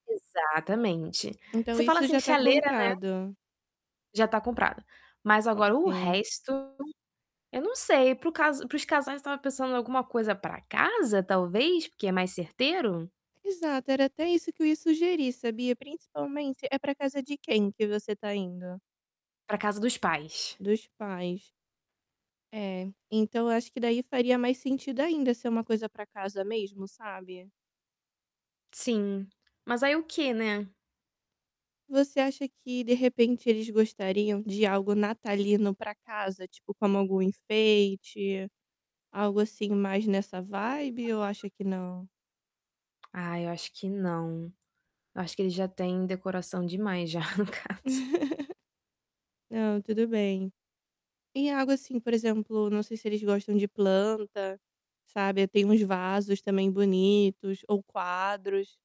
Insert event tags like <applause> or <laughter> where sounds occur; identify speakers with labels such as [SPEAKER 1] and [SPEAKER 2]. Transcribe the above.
[SPEAKER 1] Exatamente,
[SPEAKER 2] Então
[SPEAKER 1] você fala
[SPEAKER 2] isso
[SPEAKER 1] assim
[SPEAKER 2] já está
[SPEAKER 1] chaleira, né.
[SPEAKER 2] comprado?
[SPEAKER 1] Já está comprada. Mas agora o
[SPEAKER 2] Ok.
[SPEAKER 1] resto, eu não sei para o caso para os casais que estavam pensando alguma coisa para casa talvez porque é mais certeiro?
[SPEAKER 2] Exato, era até isso que eu ia sugerir sabia, principalmente é para casa de quem que você está indo?
[SPEAKER 1] Para casa dos pais.
[SPEAKER 2] Dos pais. É, então eu acho que daí faria mais sentido ainda ser uma coisa para casa mesmo, sabe.
[SPEAKER 1] Sim, mas aí o quê, né.
[SPEAKER 2] Você acha que de repente eles gostariam de algo natalino para casa, tipo como algum enfeite, algo assim mais nessa ou
[SPEAKER 1] <unintelligible>
[SPEAKER 2] acha que não?
[SPEAKER 1] Ah eu acho que não, eu acho que ele já tem decoração demais já, no caso.
[SPEAKER 2] <laughs> Não, tudo bem. E algo assim por exemplo, não sei se eles gostam de planta, sabe, tem uns vasos também bonitos ou quadros